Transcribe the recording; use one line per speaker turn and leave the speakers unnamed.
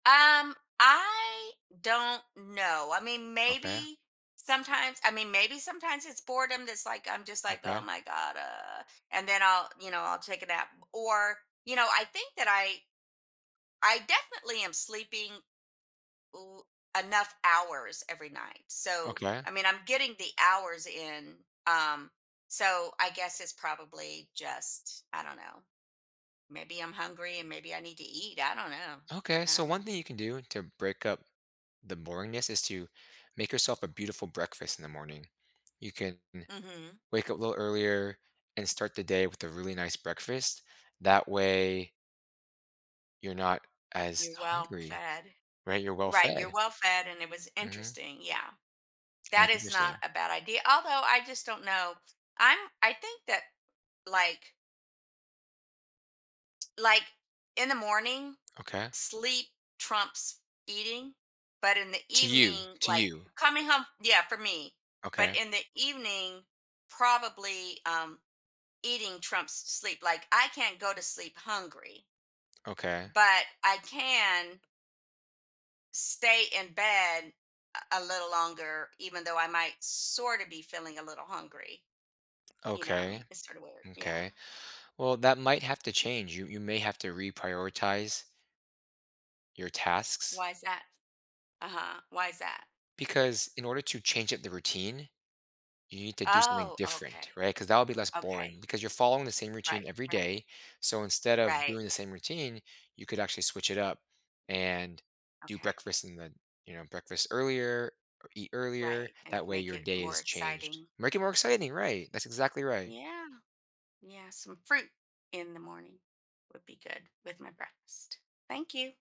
Um, I don't know, I mean,
Okay.
maybe sometimes I mean, maybe sometimes it's boredom that's like I'm just like "Oh
Okay.
my God, uh" and then I'll you know, I'll take a nap. Or, you know, I think that I I definitely am sleeping l enough hours every night. So, I
Okay.
mean, I'm getting the hours in, um, so I guess it's probably just, I don't know. Maybe I'm hungry and maybe I need to eat. I don't know.
Okay.
I
So
don't
one
know.
thing you can do to break up the boringness is to make yourself a beautiful breakfast in the morning. You can n
Mhm.
wake up a little earlier and start the day with a really nice breakfast. That way you're not as
You're well
hungry,
fed.
right? You're well
Right, you're
fed.
well fed, and it was
Mhm.
interesting. Yeah. That
That's
is not
interesting.
a bad idea. Although, I just don't know. I'm I think that, like Like in the morning,
Okay.
sleep trumps eating, but in the
To you.
evening,
To
like,
you.
coming home yeah, for me. But
Okay.
in the evening probably, um, eating trumps s sleep. Like, I can't go to sleep hungry
Okay.
but I can stay in bed, uh, a little longer even though I might sorta be feeling a little hungry. You know,
Okay.
it's sorta weird. Yeah.
M'kay. Well, that might have to change. You you may have to reprioritize your tasks.
Why's that? Uh-huh, why's that?
Because in order to change up the routine, you need to do something
Oh, okay.
different, right? 'Cause that'll be less boring
Okay.
because you're following the same routine
Right.
every
Right.
day, so instead of
Right.
doing the same routine, you could actually switch it up and do
Okay.
breakfast and then you know, breakfast earlier or eat earlier.
Right, and
That way
make
your
it
day
more
is changed.
exciting.
Make it more exciting, right. That's exactly right.
Yeah. Yeah, some fruit in the morning would be good with my breakfast. Thank you.